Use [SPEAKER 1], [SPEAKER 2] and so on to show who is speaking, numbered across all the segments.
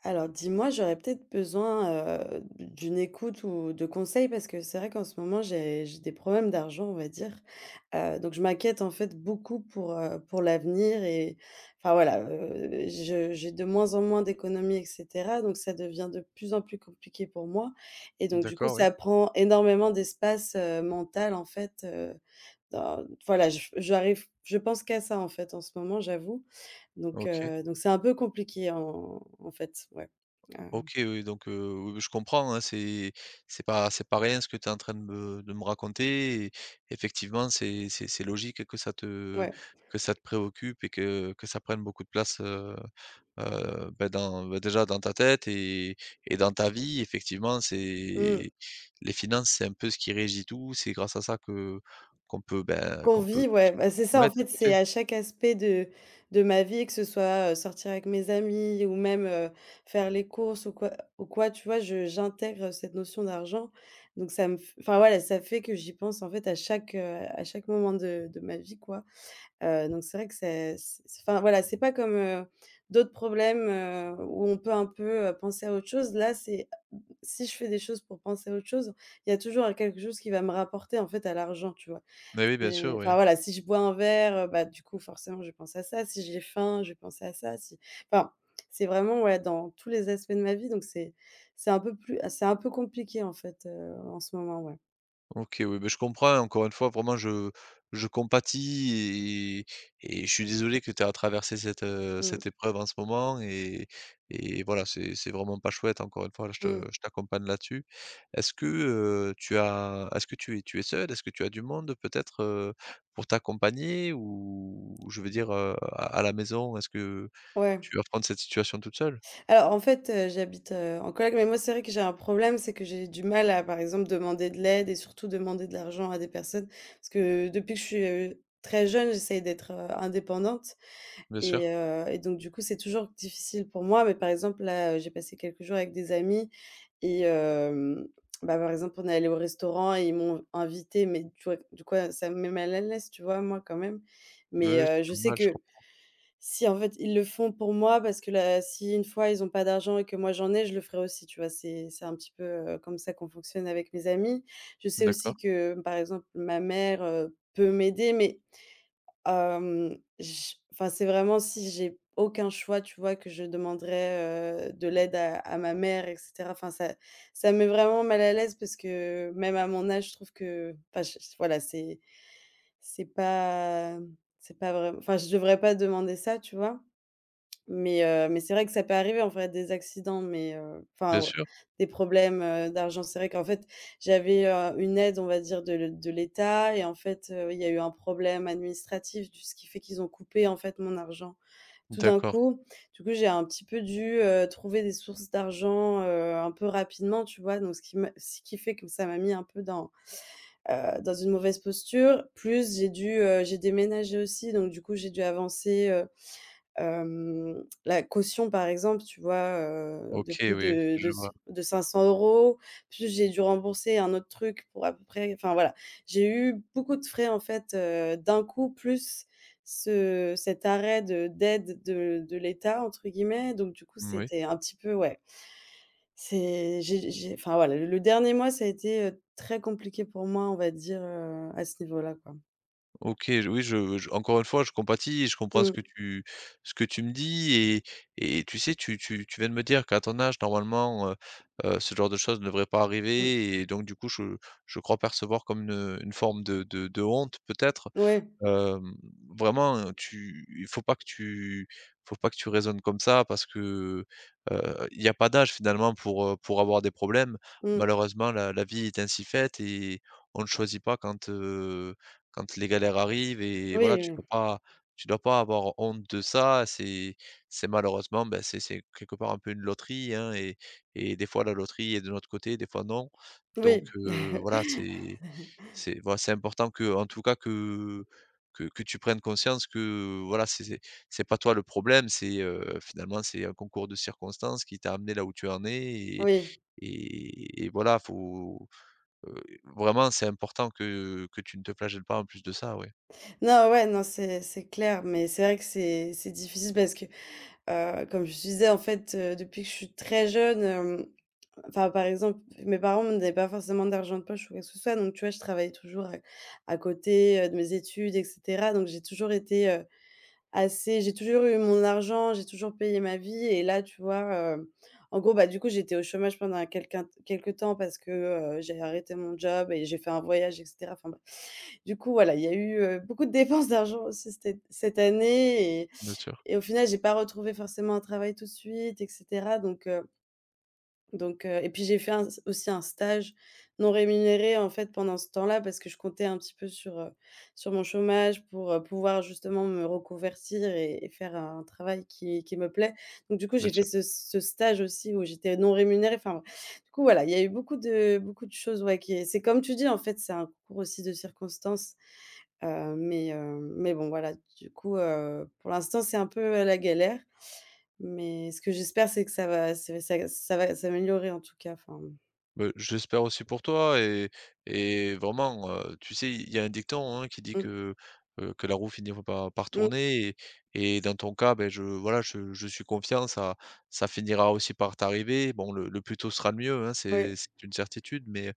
[SPEAKER 1] Alors, dis-moi, j'aurais peut-être besoin, heu, d'u d'une écoute ou de conseils, parce que c'est vrai qu'en ce moment, j'ai j'ai des problèmes d'argent, on va dire, heu, donc je m'inquiète, en fait, beaucoup pour, heu, pour l'avenir et enfin, voilà. Heu, je j'ai de moins en moins d'économies et cetera, donc ça devient de plus en plus compliqué pour moi et donc du coup,
[SPEAKER 2] D'accord, oui.
[SPEAKER 1] ça prend énormément d'espace, heu, mental, en fait, heu, dans voilà. J j'arrive je pense qu'à ça, en fait, en ce moment, j'avoue, donc
[SPEAKER 2] OK.
[SPEAKER 1] heu, donc c'est un peu compliqué, en en fait, ouais. Ah, hem.
[SPEAKER 2] OK. Oui, donc heu, oui, oui, je comprends, hein, c'est c'est pas c'est pas rien ce que tu es en train de me de me raconter et effectivement, c'est c'est c'est logique que ça te
[SPEAKER 1] Ouais.
[SPEAKER 2] que ça te préoccupe et que que ça prenne beaucoup de place, heu heu, bah, dans bah, déjà, dans ta tête et et dans ta vie, effectivement, c'est
[SPEAKER 1] Mmh.
[SPEAKER 2] les finances, c'est un peu ce qui régit tout. C'est grâce à ça que qu'on peut, bah,
[SPEAKER 1] Qu'on
[SPEAKER 2] qu'on peut
[SPEAKER 1] vit, ouais.
[SPEAKER 2] conso
[SPEAKER 1] Ben, c'est ça,
[SPEAKER 2] ouais,
[SPEAKER 1] en
[SPEAKER 2] tout
[SPEAKER 1] fait,
[SPEAKER 2] à
[SPEAKER 1] c'est
[SPEAKER 2] fait.
[SPEAKER 1] à chaque aspect de de ma vie, que ce soit, heu, sortir avec mes amis ou même, heu, faire les courses ou quoi ou quoi, tu vois? Je j'intègre cette notion d'argent, donc ça me f enfin, voilà, ça fait que j'y pense, en fait, à chaque, heu, à chaque moment de de ma vie, quoi, heu, donc c'est vrai que c'est c c enfin, voilà, c'est pas comme, heu, d'autres problèmes, heu, où on peut un peu, heu, penser à autre chose. Là, c'est, si je fais des choses pour penser à autre chose, il y a toujours un quelque chose qui va me rapporter, en fait, à l'argent, tu vois?
[SPEAKER 2] Beh, oui, bien
[SPEAKER 1] C'est
[SPEAKER 2] sûr,
[SPEAKER 1] enfin,
[SPEAKER 2] oui.
[SPEAKER 1] voilà, si je bois un verre, heu, bah, du coup, forcément, je vais penser à ça. Si j'ai faim, je vais penser à ça, si enfin, c'est, vraiment, ouais, dans tous les aspects de ma vie donc c'est c'est un peu plus ah, c'est un peu compliqué, en fait, heu, en ce moment, ouais.
[SPEAKER 2] OK oui, beh je comprends et encore une fois vraiment je je compatis et et et je suis désolé que tu aies à traverser cette, heu,
[SPEAKER 1] Mmh.
[SPEAKER 2] cette épreuve en ce moment et et voilà c'est c'est vraiment pas chouette encore une fois, hein, je te
[SPEAKER 1] Mmh.
[SPEAKER 2] je t'accompagne là-dessus. Est-ce que, heu, tu as est-ce que tu es tu es seule? Est-ce que tu as du monde, heu, peut-être, heu, pour t'accompagner? Ou ou je veux dire, heu, à à la maison est-ce que
[SPEAKER 1] Ouais.
[SPEAKER 2] tu appréhendes cette situation toute seule?
[SPEAKER 1] Alors en fait, heu, j'habite, heu, en coloc, mais moi c'est vrai que j'ai un problème, c'est que j'ai du mal à par exemple demander de l'aide et surtout demander de l'argent à des personnes. Parce que depuis que je suis, heu, très jeune, j'essaye d'être, heu, indépendante
[SPEAKER 2] Bien sûr.
[SPEAKER 1] et heu et donc du coup c'est toujours difficile pour moi. Mais par exemple là, heu, j'ai passé quelques jours avec des amis et hem, bah, par exemple on est allés au restaurant et ils m'ont v invitée, mais tu vois v du coup a ça me met mal à l'aise tu vois, moi, quand même.
[SPEAKER 2] Oui
[SPEAKER 1] Mais
[SPEAKER 2] oui
[SPEAKER 1] heu,
[SPEAKER 2] c'est
[SPEAKER 1] je sais
[SPEAKER 2] normal je
[SPEAKER 1] que,
[SPEAKER 2] comprends.
[SPEAKER 1] si en fait ils le font pour moi parce que là si 1 fois ils ont pas d'argent et que moi j'en ai, je le ferai aussi, tu vois? C'est c'est un petit peu, heu, comme ça qu'on fonctionne avec mes amis. Je sais aussi
[SPEAKER 2] D'accord.
[SPEAKER 1] que par exemple ma mère, heu, peut m'aider mais, hem, j enfin c'est vraiment si j'ai aucun choix tu vois, que je demanderai, heu, de l'aide à à ma mère et cetera. Enfin ça ça me met vraiment mal à l'aise parce que même à mon âge je trouve que enfin j j voilà c'est c'est pas, mmh, c'est pas vraim enfin je devrais pas demander ça tu vois? Mais heu, mais c'est vrai que ça peut arriver en fait des accidents, mais heu
[SPEAKER 2] Bien
[SPEAKER 1] enfin ou,
[SPEAKER 2] sûr.
[SPEAKER 1] des problèmes, heu, d'argent. C'est vrai qu'en fait j'avais, heu, une aide on va dire de l de l'état et en fait, heu, il y a eu un problème administratif du ce qui fait qu'ils ont coupé en fait mon argent tout d'un
[SPEAKER 2] D'accord.
[SPEAKER 1] coup. Du coup j'ai un petit peu dû, heu, trouver des sources d'argent, heu, un peu rapidement tu vois? Donc ce qui me ce qui fait que ça m'a mis un peu dans, heu, dans une mauvaise posture. Plus j'ai dû, heu j'ai déménagé aussi donc du coup j'ai dû avancer, heu, hem, la caution par exemple tu vois? Heu, de
[SPEAKER 2] OK
[SPEAKER 1] plus
[SPEAKER 2] oui
[SPEAKER 1] de de
[SPEAKER 2] je
[SPEAKER 1] s
[SPEAKER 2] vois.
[SPEAKER 1] de 500 €. Plus j'ai dû rembourser un autre truc pour à peu près enfin voilà. J'ai eu beaucoup de frais en fait, heu, d'un coup plus ce cet arrêt de «d'aide de de l'état» entre guillemets. Donc du coup
[SPEAKER 2] Moui.
[SPEAKER 1] c'était un petit peu ouais, c'est j'ai j'ai enfin voilà le le dernier mois ça a été, heu, très compliqué pour moi on va dire, heu, à ce niveau-là quoi.
[SPEAKER 2] OK, j oui, je j encore une fois, je compatis et je comprends ce
[SPEAKER 1] Mmh.
[SPEAKER 2] que tu ce que tu me dis et et tu sais, tu tu tu viens de me dire qu'à ton âge, normalement, heu heu, ce genre de choses ne devrait pas
[SPEAKER 1] Mmh.
[SPEAKER 2] arriver et donc du coup, je je crois percevoir comme une une forme de de de honte, peut-être.
[SPEAKER 1] Ouais.
[SPEAKER 2] Hem, vraiment, heu, tu faut pas que tu faut pas que tu raisonnes comme ça parce que, heu, il y a pas d'âge, finalement, pour, heu, pour avoir des problèmes.
[SPEAKER 1] Mmh.
[SPEAKER 2] Malheureusement, la la vie est ainsi faite et on ne choisit pas quand, heu, quand les galères arrivent et voilà
[SPEAKER 1] Oui,
[SPEAKER 2] tu
[SPEAKER 1] oui.
[SPEAKER 2] peux pas tu dois pas avoir honte de ça. C'est c'est malheureusement, bah c'est c'est, quelque part, un peu une loterie, hein et et des fois, la loterie est de notre côté, des fois, non, donc
[SPEAKER 1] Oui!
[SPEAKER 2] heu, voilà, c'est c'est voila, c'est important qu'en tout cas, que que que tu prennes conscience que, voilà, c'est c'est c'est pas toi, le problème. C'est, heu, finalement, c'est un concours de circonstances qui t'a amené là où tu en es et
[SPEAKER 1] Oui!
[SPEAKER 2] et et voilà faut, heu, vraiment, c'est important que que tu ne te flagelles pas, en plus de ça, ouais.
[SPEAKER 1] Non, ouais, non, c'est c'est clair, mais c'est vrai que c'est c'est difficile parce que, heu, comme je te disais, en fait, heu, depuis que je suis très jeune, hem, enfin, par exemple, mes parents me donnaient pas forcément d'argent de poche ou quoi que ce soit, donc tu vois, je travaillais toujours à c à côté, heu, de mes études et cetera, donc j'ai toujours été, heu, assez j'ai toujours eu mon argent. J'ai toujours payé ma vie et là, tu vois, hem, en gros, bah, du coup, j'étais au chômage pendant un quelqu'un quelque temps parce que, heu, j'ai arrêté mon job et j'ai fait un voyage et cetera. Enfin, bref. Du coup, voilà, il y a eu, heu, beaucoup de dépenses d'argent, aussi cet cette année et
[SPEAKER 2] Bien sûr.
[SPEAKER 1] et au final, j'ai pas retrouvé forcément un travail tout de suite et cetera donc heu donc heu, et puis, j'ai fait un s aussi, un stage non rémunéré, en fait, pendant ce temps-là parce que je comptais un petit peu sur, heu, sur mon chômage pour, heu, pouvoir justement me reconvertir et et faire un travail qui qui me plaît, donc du coup,
[SPEAKER 2] Bien
[SPEAKER 1] j'ai fait
[SPEAKER 2] sûr.
[SPEAKER 1] ce c ce stage aussi où j'étais non rémunérée. Enfin, du coup, voilà, il y a eu beaucoup de beaucoup de choses, ouais, qui est c'est comme tu dis, en fait, c'est un concours aussi de circonstances, heu, mais hem, mais bon, voilà, du coup, heu, pour l'instant, c'est un peu, heu, la galère, mais ce que j'espère c'est que ça va ça va s'aggr ça va s'améliorer, en tout cas, enfin, bon.
[SPEAKER 2] Beh, j'espère aussi pour toi et et vraiment, heu, tu sais, il y a un dicton, hein, qui dit
[SPEAKER 1] Mmh.
[SPEAKER 2] que, heu, que la roue finit v par par
[SPEAKER 1] Mmh.
[SPEAKER 2] tourner et et dans ton cas, beh, je, voilà, je je suis confiant, ça ça finira aussi par t'arriver. Bon, le le plus tôt sera le mieux, hein,
[SPEAKER 1] Ouais.
[SPEAKER 2] c'est c'est une certitude, mais,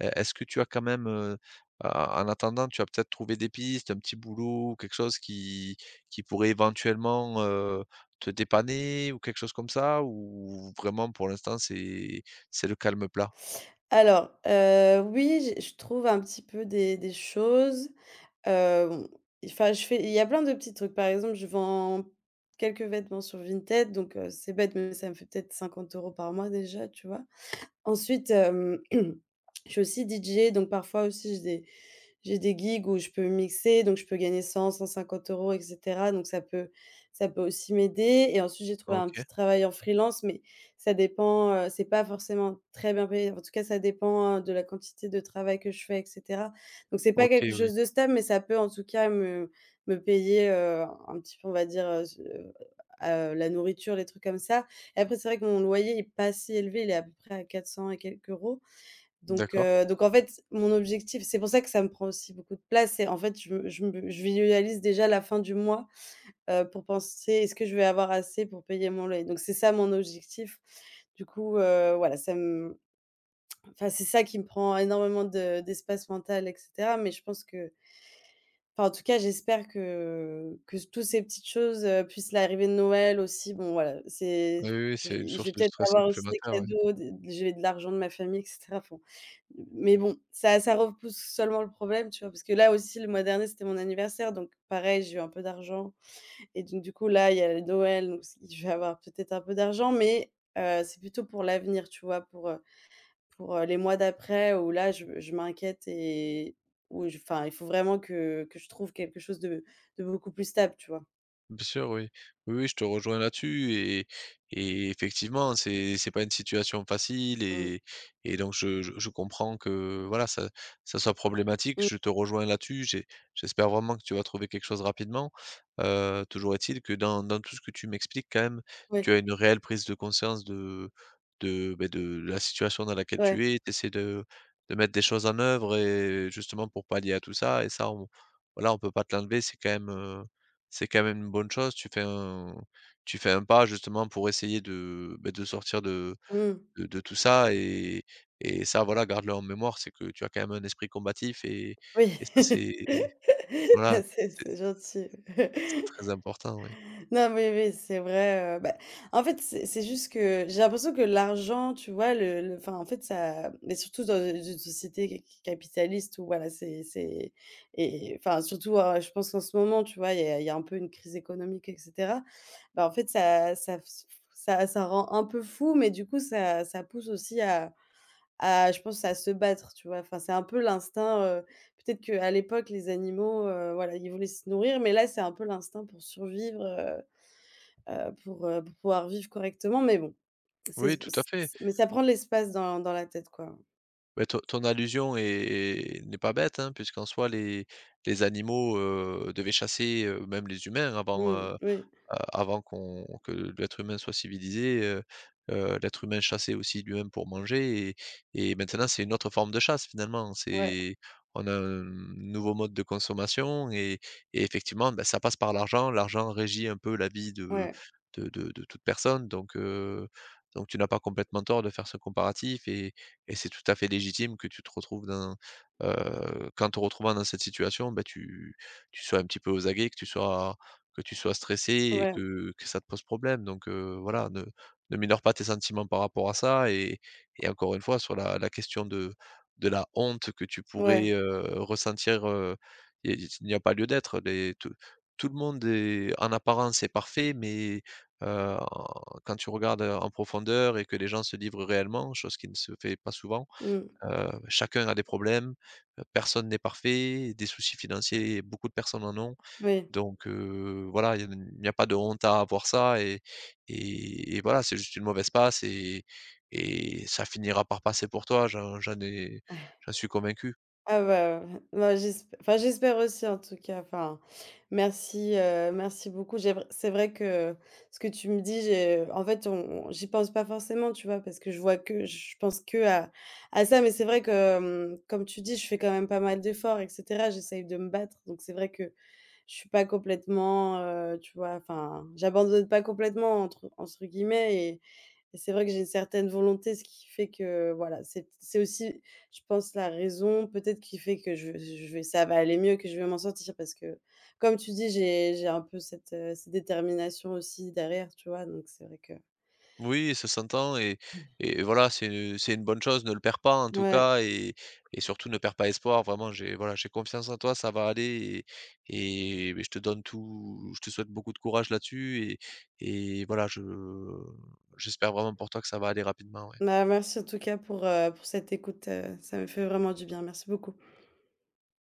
[SPEAKER 2] est est-ce que tu as quand même, heu heu, en en attendant, tu as peut-être trouvé des pistes, un petit boulot, quelque chose, qui qui pourrait éventuellement, heu, te dépanner, ou quelque chose comme ça? Ou vraiment, pour l'instant, c'est c'est le calme plat?
[SPEAKER 1] Alors, heu, oui, j'ai je trouve un petit peu des des choses. Heu, enfin, je fais il y a plein de petits trucs. Par exemple, je vends quelques vêtements sur Vinted, donc heu, c'est bête, mais ça me fait peut-être 50 euros par mois déjà, tu vois? Ensuite, hem, je suis aussi DJ, donc parfois aussi, j'ai des j'ai des gigs, où je peux mixer, donc je peux gagner 100-150 euros, et cetera. Donc ça peut ça peut aussi m'aider, et ensuite, j'ai trouvé un
[SPEAKER 2] OK.
[SPEAKER 1] petit travail en freelance, mais ça dépend, heu, c'est pas forcément très bien payé. En tout cas, ça dépend, heu, de la quantité de travail que je fais, et cetera. Donc, c'est pas quelque
[SPEAKER 2] OK,
[SPEAKER 1] chose
[SPEAKER 2] oui.
[SPEAKER 1] de stable, mais ça peut en tout cas me me payer, heu, un petit peu, on va dire, heu, ce heu, la nourriture, les trucs comme ça. Et après, c'est vrai que mon loyer est pas si élevé, il est à peu près à 400 et quelques euros. Donc
[SPEAKER 2] D'accord.
[SPEAKER 1] heu, donc en fait, mon objectif c'est pour ça que ça me prend aussi beaucoup de place, c'est en fait, je me je me je visualise déjà la fin du mois, heu, pour penser, est-ce que je vais avoir assez pour payer mon loyer? Donc, c'est ça, mon objectif. Du coup, heu, voilà, ça m enfin, c'est ça qui me prend énormément de d'espace mental, et cetera. Mais je pense que enfin, en tout cas, j'espère que que tous ces petites choses, heu, plus l'arrivée de Noël aussi. Bon voilà, c'est
[SPEAKER 2] Oui, oui, oui,
[SPEAKER 1] je
[SPEAKER 2] c'est une
[SPEAKER 1] je vais
[SPEAKER 2] source de
[SPEAKER 1] peut-être
[SPEAKER 2] stress
[SPEAKER 1] avoir aussi des
[SPEAKER 2] supplémentaire, ouais.
[SPEAKER 1] cadeaux, des des j'ai de l'argent de ma famille, et cetera. Enfin, mais bon, ça ça repousse seulement le problème, tu vois? Parce que là aussi, le mois dernier, c'était mon anniversaire, donc pareil, j'ai eu un peu d'argent. Et donc, du coup, là, il y a, heu, Noël, donc je vais avoir peut-être un peu d'argent, mais, heu, c'est plutôt pour l'avenir, tu vois? Pour, heu pour, heu, les mois d'après, où là, je je m'inquiète et où, je enfin, il faut vraiment que que je trouve quelque chose de de beaucoup plus stable, tu vois?
[SPEAKER 2] Bien sûr, oui. Oui, oui, je te rejoins là-dessus et et et effectivement, hein, c'est c'est pas une situation facile
[SPEAKER 1] Mmh.
[SPEAKER 2] et et donc je je je comprends que, voilà, ça ça soit problématique.
[SPEAKER 1] Mmh.
[SPEAKER 2] Je te rejoins là-dessus. J'ai j'espère vraiment que tu vas trouver quelque chose rapidement. Heu, toujours est-il que, dans dans tout ce que tu m'expliques, quand même, tu
[SPEAKER 1] Ouais.
[SPEAKER 2] as une réelle prise de conscience de de, beh, de la situation dans laquelle
[SPEAKER 1] Ouais.
[SPEAKER 2] tu es tu essaies de de mettre des choses en œuvre et justement, pour pallier à tout ça et ça, on voilà, on peut pas te l'enlever. C'est quand même, heu, c'est quand même une bonne chose. Tu fais un tu fais un pas, justement, pour essayer de, beh, de sortir de
[SPEAKER 1] Mmh.
[SPEAKER 2] de de tout ça, et et ça, voilà, garde le en mémoire. C'est que tu as quand même un esprit combatif et
[SPEAKER 1] Oui.
[SPEAKER 2] et ça, c'est voilà,
[SPEAKER 1] Ah c'est
[SPEAKER 2] c'est
[SPEAKER 1] c'est gentil.
[SPEAKER 2] c'est très important, ouais.
[SPEAKER 1] Non, mais oui, c'est vrai, heu bah, en fait, c'est c'est juste que j'ai l'impression que l'argent, tu vois, le le, enfin, en fait, ça mais surtout dans, heu, z une société c c capitaliste, où voilà, c'est c'est et et enfin, surtout, à je pense qu'en ce moment, tu vois, il y a il y a un peu une crise économique, et cetera. Bah, en fait, ça ça [unintelligible] ça ça rend un peu fou, mais du coup, ça ça pousse aussi à à je pense, à se battre, tu vois? Enfin, c'est un peu l'instinct. Heu, peut-être qu'à l'époque, les animaux, heu, voilà, ils voulaient se nourrir, mais là, c'est un peu l'instinct pour survivre, heu heu, pour, heu, pour pouvoir vivre correctement. Mais bon, c'est
[SPEAKER 2] Oui, tout à fait.
[SPEAKER 1] mais ça prend de l'espace dans dans la tête, quoi.
[SPEAKER 2] Beh, ton ton allusion est est n'est pas bête, hein, puisqu'en soi, les les animaux, heu, devaient chasser. Heu, même les humains, avant,
[SPEAKER 1] Mmh,
[SPEAKER 2] heu heu,
[SPEAKER 1] oui.
[SPEAKER 2] avant qu'on que l'être humain soit civilisé, heu heu, l'être humain chassait aussi lui-même pour manger. Et et maintenant, c'est une autre forme de chasse, finalement.
[SPEAKER 1] Ouais.
[SPEAKER 2] C'est on a un nouveau mode de consommation et et effectivement, bah, ça passe par l'argent. L'argent régit un peu la vie de
[SPEAKER 1] Ouais.
[SPEAKER 2] de de de toute personne, donc heu, donc tu n'as pas complètement tort de faire ce comparatif. Et et c'est tout à fait légitime que tu te retrouves dans heu, qu'en te retrouvant dans cette situation, beh, tu tu sois un petit peu aux aguets, que tu sois que tu sois stressée et
[SPEAKER 1] Ouais, mmh.
[SPEAKER 2] que que ça te pose problème. Donc heu, voilà, ne ne mineure pas tes sentiments par rapport à ça. Et et encore une fois, sur la la question de de la honte que tu pourrais,
[SPEAKER 1] Ouais.
[SPEAKER 2] heu, ressentir, heu, il y a i il n'y a pas lieu d'être. Les tout tout le monde est, en apparence est parfait, mais, heu, en quand tu regardes, heu, en profondeur, et que les gens se livrent réellement, chose qui ne se fait pas souvent
[SPEAKER 1] Mmh.
[SPEAKER 2] heu, chacun a des problèmes, heu, personne n'est parfait. Des soucis financiers, beaucoup de personnes en ont.
[SPEAKER 1] Moui.
[SPEAKER 2] Donc heu, voilà, il y a ne il n'y a pas de honte à avoir ça et et et voilà, c'est juste une mauvaise passe et et ça finira par passer pour toi, j'en j'en ai j'en suis convaincu.
[SPEAKER 1] Ah bah, heu, moi j'esp enfin j'espère aussi, en tout cas. Enfin, merci, heu, merci beaucoup. J'ai vr c'est vrai que ce que tu me dis, j'ai en fait, on on, j'y pense pas forcément, tu vois, parce que je vois que je pense qu'à à ça. Mais c'est vrai que, mmh, comme tu dis, je fais quand même pas mal d'efforts, et cetera. J'essaye de me battre. Donc c'est vrai que je suis pas complètement, heu, tu vois? Enfin, «j'abandonne pas complètement», entre entre guillemets et et c'est vrai que j'ai une certaine volonté, ce qui fait que, voilà, c'est t c'est aussi, je pense, la raison peut-être qui fait que je vais, z je vais ça va aller mieux, que je vais m'en sortir. Parce que, comme tu dis, j'ai j'ai un peu cette, heu, cette détermination aussi derrière, tu vois, donc c'est vrai que
[SPEAKER 2] Oui, ça s'entend et et voilà, c'est, heu, c'est une bonne chose. Ne le perds pas, en tout
[SPEAKER 1] Mouais.
[SPEAKER 2] cas et et surtout, ne perds pas espoir. Vraiment, j'ai voilà, j'ai confiance en toi, ça va aller et et beh, je te donne tout je te souhaite beaucoup de courage, là-dessus et et voilà, je j'espère vraiment pour toi que ça va aller rapidement, ouais.
[SPEAKER 1] Ma merci, en tout cas, pour, heu, pour cette écoute, heu, ça me fait vraiment du bien, merci beaucoup.